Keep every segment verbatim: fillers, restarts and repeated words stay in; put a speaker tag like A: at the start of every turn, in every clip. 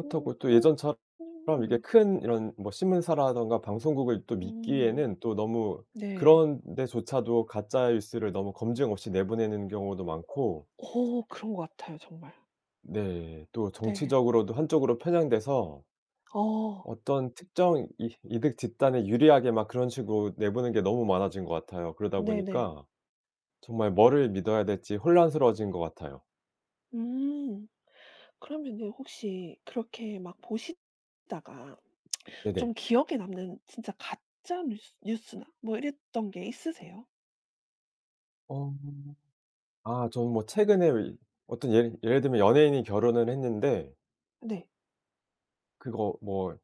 A: 어
B: 또
A: 그런
B: 예전처럼 이렇게
A: [unintelligible]
B: 큰 이런 뭐 신문사라든가 방송국을 또
A: 음.
B: 믿기에는 또 너무
A: 네.
B: 그런 데조차도 가짜 뉴스를 너무 검증 없이 내보내는 경우도 많고
A: 어 그런 것 같아요 정말.
B: 네. 또
A: 네.
B: 정치적으로도 한쪽으로 편향돼서
A: 어.
B: 어떤 특정 이 이득 집단에 유리하게 막 그런 식으로 내보낸 게 너무 많아진 것 같아요. 그러다
A: 네네.
B: 보니까 정말 뭐를 믿어야 될지 혼란스러워진 것 같아요.
A: 음 그러면은 혹시 그렇게 막 보시다가 좀
B: 네네.
A: 기억에 남는 진짜 가짜 뉴스 뉴스나 뭐 이랬던 게 있으세요?
B: 어. 아 저는 뭐 최근에의 어떤 예를 예를 들면 연예인이 결혼을 했는데
A: 네.
B: 그거 뭐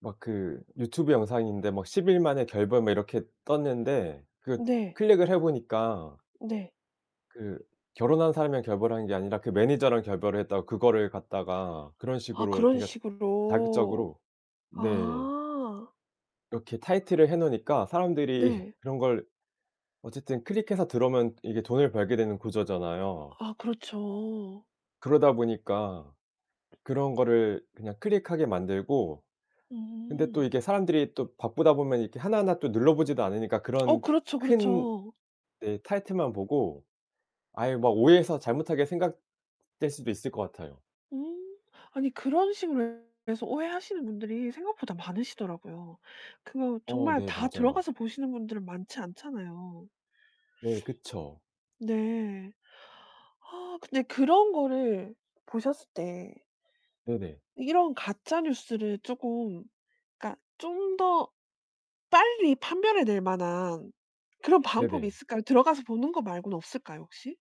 B: 막 그 유튜브 영상인데 뭐 '십 일 만에 결별' 뭐 이렇게 떴는데 그거
A: 네.
B: 클릭을 해 보니까
A: 네.
B: 그 결혼한 사람이랑 결별한 게 아니라 그 매니저랑 결별을 했다고 그거를 갖다가 그런
A: 아
B: 식으로
A: 그런
B: 그러니까
A: 식으로.
B: 자극적으로 네.
A: 아.
B: 이렇게 타이틀을 해 놓으니까 사람들이
A: 네.
B: 그런 걸 어쨌든 클릭해서 들어오면 이게 돈을 벌게 되는 구조잖아요.
A: 아 그렇죠.
B: 그러다 보니까 그런 거를 그냥 클릭하게 만들고 근데 또
A: 음.
B: 이게 사람들이 또 바쁘다 보면 이렇게 하나하나 또 눌러보지도 않으니까
A: 어
B: 그런
A: 그렇죠,
B: 큰
A: 그렇죠.
B: 네 타이틀만 보고 아예 막 오해해서 잘못하게 생각될 수도 있을 것 같아요.
A: 음. 아니 그런 식으로 해서 오해하시는 분들이 생각보다 많으시더라고요. 그거
B: 어
A: 정말
B: 네
A: 다
B: 맞아요.
A: 들어가서 보시는 분들은 많지 않잖아요.
B: 네. 그쵸.
A: 네. 아 근데 그런 거를 보셨을 때
B: 네네.
A: 이런 가짜 뉴스를 쪼금 그러니까 좀 더 빨리 판별해 낼 만한 그런 방법이
B: 네네.
A: 있을까요? 들어가서 보는 거 말고는 없을까요 혹시?